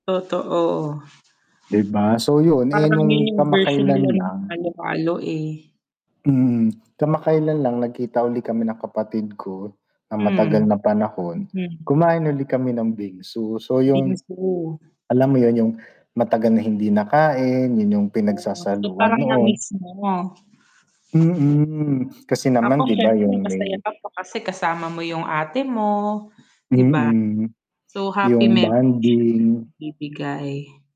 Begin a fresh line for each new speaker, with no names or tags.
Totoo.
Di ba? So, yun, eh,
Parang
nung
yun yung version nila
kamakailan
nung
lang
halo-halo, eh.
Mm. Kamakailan lang nagkita uli kami ng kapatid ko ng matagal
Hmm.
na panahon,
Mhm.
kumain uli kami ng bingsu. So yung
Bingsu.
alam mo yun, yung matagal na hindi nakain, yun yung
Oh, so
pinagsasaluan
parang
noon.
na-miss mo.
Mm, kasi
Tapos
naman di ba
siyempre
yung
masaya
may
ka pa kasi kasama mo yung ate mo, di ba?
Mm.
So, happy
Yung
memory siyang
bonding.
naibibigay.